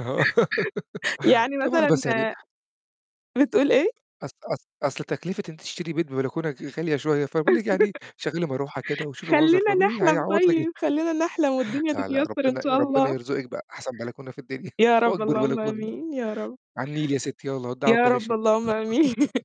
أها. يعني طبعًا مثلًا بس يعني آآ بتقول إيه؟ أص أص أصل تكلفة إن أنتِ تشتري بيت ببلكونة دي غالية شوية، فأنا باقول لِك يعني شغلي مروحة كده وشوفي منظر خلّينا طبيعي، نحلم هيعوّض لِك طيب، خلّينا نحلم والدنيا لأ، لأ، تتيسر إن ربنا شاء ربنا الله. يرزقِك بأحسن بلكونة في الدنيا، يا رب، وأكبر اللهم بلكونة. آمين، يا رب. على النيل يا ستي يلّا ودعوا يا بلا رب شيء. اللهم آمين.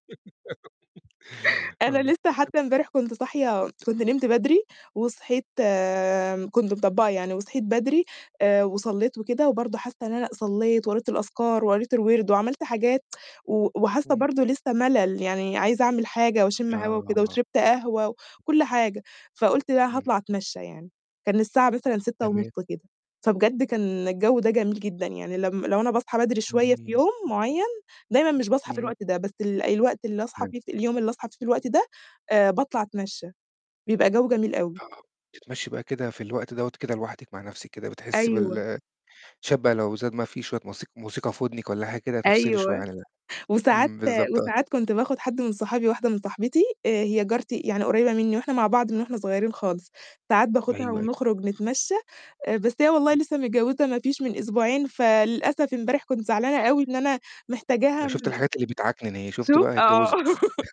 أنا آه. لسّه [unintelligible] حتّى امبارح كنت صاحية كنت نمت بدري وصحيت آآ كنت مطبّقة يعني وصحيت بدري، آآ وصلّيت وكده وبرضه حاسّة إن أنا صلّيت وقريت الأذكار وقريت الوِرْد وعمَلت حاجات، و وحاسّة إمم. برضه لسّه ملل يعني عايزة أعمل حاجة واشم هوا وكده، آه. وشربت قهوة و [unintelligible] وكلّ حاجة، فقُلت لا إمم. هاطلع أتمشّى يعني، كان الساعة مثلًا 06:30 تمام. كده، فبجد كان الجو ده جميل جدًا، يعني لم لو أنا باصحى بدري شوية في [unintelligible] يوم معيّن دايمًا مش باصحى في إمم. الوقت ده، بس الوقت اللي أصحى [unintelligible] فيه ف اليوم اللي أصحى فيه في الوقت ده باطلع أتمشّى، بيبقى جو جميل أوي. آه، بتتمشي بقى كده في الوقت دوّة كده لوحدِك مع نفْسِك كده بتحسّي أيوه. بال شوية بقي لو زاد ما في شوية موسيق موسيقى في ودنِك ولا حاجة كده تفصلي شوية أيوه، عن ال وساعات إمم، بالضبط آه. وساعات كنت باخد حد من صحابي، واحدة من صاحبتي، هي جارتي يعني قريبة مني وإحنا مع بعض من وإحنا صغيّرين خالص، ساعات باخدها أيوه، أيوه. ونخرج نتمشّى، بس هي والله إمم. لسّه متجوّزة مافيش من أسبوعين فللأسف امبارح كنت زعلانة أوي إن أنا محتاجاها. شُفتِ [unintelligible] الحاجات اللي بتعكنن أهيه، شُفتِ شوف. بقى أهي آه. اتجوّزِت.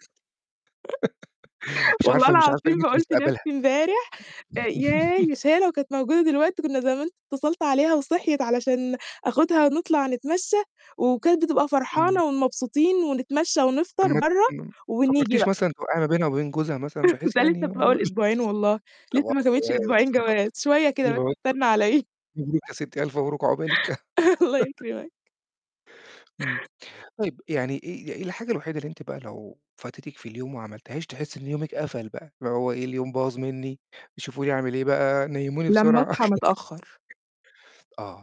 مش والله عارفة مش عارفة العظيم قيمة بقول في مستقبلها. نفْسي امبارح ياه، مش هي لو كانت موجودة دلوقتي كان زمان اتصلت عليها وصحيِت علشان آخدها ونطلع نتمشى، وكانت بتبقى إمم. فرحانة ومبسوطين ونتمشى طَب ونفطر ما برّه، م ما ونيجي فكّرتيش بقى. مثلًا توقعي ما بينها وبين جوزها مثلًا بحيث ده يعني لسّه في و أول أسبوعين والله، لسّه طبعًا ما تمتش والله أسبوعين جواز، شوية كده بس استنى عليَّ. [unintelligible] مبروك يا ستي ألف مبروك عقبالِك. الله يكرمك. إمم، طيب يعني إيه إيه الحاجة الوحيدة اللي أنتِ بقى لو فاتتك في اليوم وما عملتيهاش تحسّي إن يومِك قفل بقى؟ اللي هو إيه "اليوم باظ مني، يشوفوا لي أعمل إيه بقى، نيموني لمّا بسرعة." أصحى متأخّر. آه.